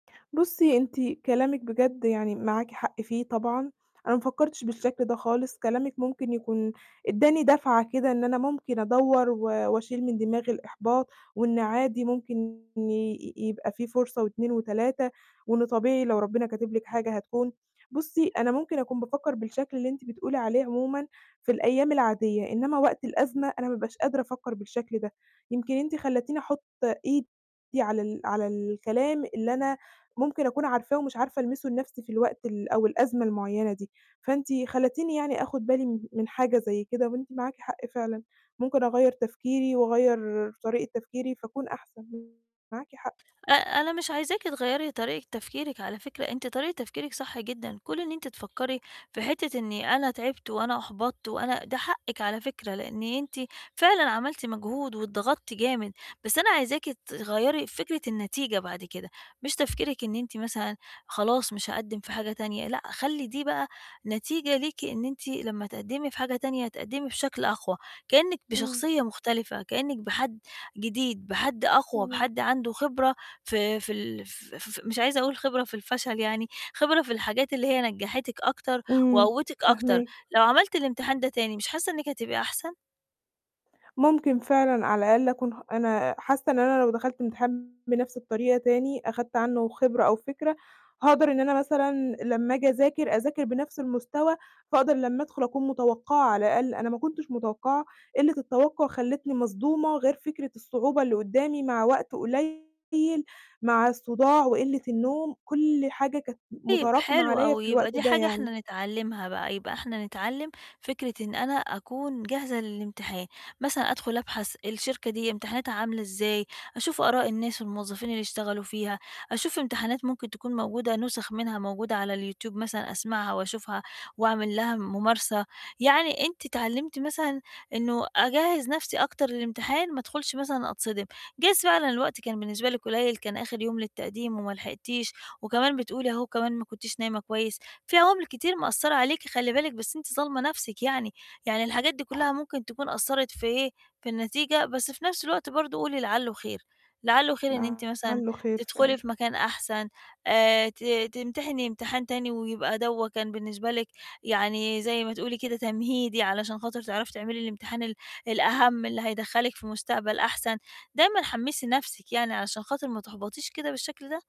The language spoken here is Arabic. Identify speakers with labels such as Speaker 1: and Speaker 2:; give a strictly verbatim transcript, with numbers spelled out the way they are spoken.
Speaker 1: بُصّي أنتِ كلامِك بجد يعني معاكِ حق فيه طبعًا، أنا ما فكّرتش بالشكل ده خالص، كلامِك ممكن يكون ادّاني دَفعة كده إن أنا ممكن أدوّر، و وأشيل من دماغي الإحباط وإن عادي ممكن يبقى في فرصة واتنين وتلاتة وإنه طبيعي لو ربنا كاتب لِك حاجة هتكون. بُصّي، أنا ممكن أكون بافكّر بالشكل اللي أنتِ بتقولي عليه عمومًا في الأيام العادية إنّما وقت الأزمة أنا ما بابقاش قادرة أفكّر بالشكل ده، يمكن أنتِ خلّيتيني أحُط إيدي على ال على الكلام اللي أنا ممكن أكون عارفاه ومش عارفة ألمسه لنَفْسي في الوقت ال أو الأزمة المعيّنة دي، فأنتِ خلّيتيني يعني آخُد بالي م من حاجة زي كده وأنتِ معاكِ حق فعلًا ممكن أغيّر تفكيري وأغيّر طريقة تفكيري فأكون أحسن، [unintelligible] معاكِ حق.
Speaker 2: آآ، أنا مش عايزاكِ تغيّري طريقة تفكيرِك على فكرة، أنتِ طريقة تفكيرِك صح جدًا، كون إن أنتِ تفكّري في حتة إنّي أنا تعبتِ وأنا أحبطت وأنا ده حقِّك على فكرة، لإن أنتِ فعلًا عملتِ مجهود واتضغطتِ جامد، بس أنا عايزاكِ تغيّري فكرة النتيجة بعد كده، مش تفكيرِك إن أنتِ مثلًا خلاص مش هاقدّم في حاجة تانية، لأ، خلّي دي بقى نتيجة ليكِ إن أنتِ لمّا تقدّمي في حاجة تانية تقدّمي بشكل أقوى كإنِّك
Speaker 1: إمم.
Speaker 2: بشخصية مختلفة، كإنِّك بحد جديد، بحد أقوى،
Speaker 1: تمام.
Speaker 2: بحد عنده خبرة ف في ال ف ف مش عايزة أقول خبرة في الفشل يعني، خبرة في الحاجات اللي هي نجّحتِك أكتر
Speaker 1: إمم،
Speaker 2: وقوتِك أكتر،
Speaker 1: فاهماكِ.
Speaker 2: لو عملتِ الإمتحان ده تاني مش حاسّة إنِّك هتبقى أحسن؟
Speaker 1: ممكن فعلًا على الأقل أكون ح أنا حاسّة إن أنا لو دخلت امتحان بنَفْس الطريقة تاني أخدت عنّه خبرة أو فكرة هاقدر إن أنا مثلًا لمّا آجي أذاكر، أذاكر بنَفْس المستوى، فاقدر لمّا أدخُل أكون متوقعة، على الأقل أنا ما كنتش متوقّعة قلّة التوقّع خلّتني مصدومة، غير فكرة الصعوبة اللي قدّامي مع وقت قليل مع الصداع وقلة النوم كل حاجة كانت م
Speaker 2: طيب،
Speaker 1: مُتراكمة
Speaker 2: حلو
Speaker 1: عليّا في
Speaker 2: أوي،
Speaker 1: الوقت
Speaker 2: يبقى دي
Speaker 1: ده
Speaker 2: حاجة
Speaker 1: يعني.
Speaker 2: إحنا نتعلّمها بقى يبقى إحنا نتعلّم فكرة إن أنا أكون جاهزة للامتحان، مثلًا أدخُل أبحث الشركة دي امتحاناتها عاملة إزاي أشوف آراء الناس والموظفين اللي اشتغلوا فيها، أشوف امتحانات ممكن تكون موجودة نُسخ منها موجودة على اليوتيوب مثلًا أسمعها وأشوفها وأعمل لها مُمارسة. يعني أنتِ أتعلمتِ مثلًا إنه أجهّز نَفْسي أكتر للإمتحان ما أدخُلش مثلًا أتصدم، جايز فعلًا الوقت كان بالنسبة لِك قليل كان آخِر يوم للتقديم وما لحقتيش، وكمان بتقولي أهو كمان ما كنتش نايمة كويس، في عوامل كتير مقصّرة عليكِ خلّي بالِك بس أنتِ ظالمة نَفْسك يعني، يعني الحاجات دي كلّها ممكن تكون أثّرت في إيه، في النتيجة بس في نَفْس الوقت برضه قولي لعلّه خير، لعلّه خير إن أنتِ مثلًا
Speaker 1: لعلّه خير
Speaker 2: تدخُلي
Speaker 1: فعلًا.
Speaker 2: في مكان أحسن آآ، ت تمتحني امتحان تاني ويبقى دَوّا كان بالنسبة لِك يعني زي ما تقولي كده تمهيدي، علشان خاطر تعرفي تعملي الامتحان ال الأهَم، اللي هيدخّلِك في مستقبل أحسن. دايمًا حمّسي نَفْسك يعني علشان خاطر ما تحبطش كده بالشكل ده.